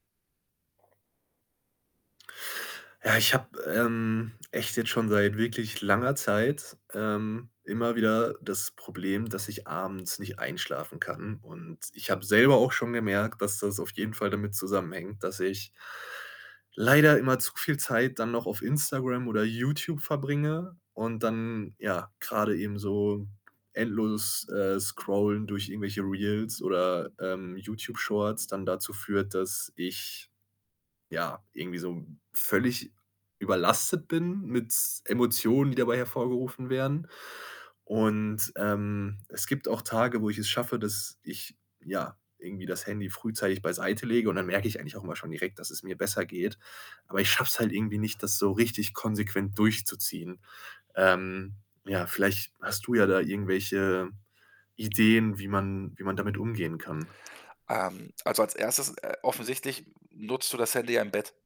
Ja, ich habe, ähm, echt jetzt schon seit wirklich langer Zeit, ähm, immer wieder das Problem, dass ich abends nicht einschlafen kann und ich habe selber auch schon gemerkt, dass das auf jeden Fall damit zusammenhängt, dass ich leider immer zu viel Zeit dann noch auf Instagram oder YouTube verbringe und dann, ja, grade eben so endlos, äh, scrollen durch irgendwelche Reels oder, ähm, YouTube-Shorts dann dazu führt, dass ich, ja, irgendwie so völlig überlastet bin mit Emotionen, die dabei hervorgerufen werden und, ähm, es gibt auch Tage, wo ich es schaffe, dass ich, ja, irgendwie das Handy frühzeitig beiseite lege und dann merke ich eigentlich auch immer schon direkt, dass es mir besser geht. Aber ich schaffe es halt irgendwie nicht, das so richtig konsequent durchzuziehen. Ähm, ja, vielleicht hast du ja da irgendwelche Ideen, wie man wie man damit umgehen kann? Ähm, also, als 1 äh, offensichtlich, hm, nutzt du das Handy im Bett.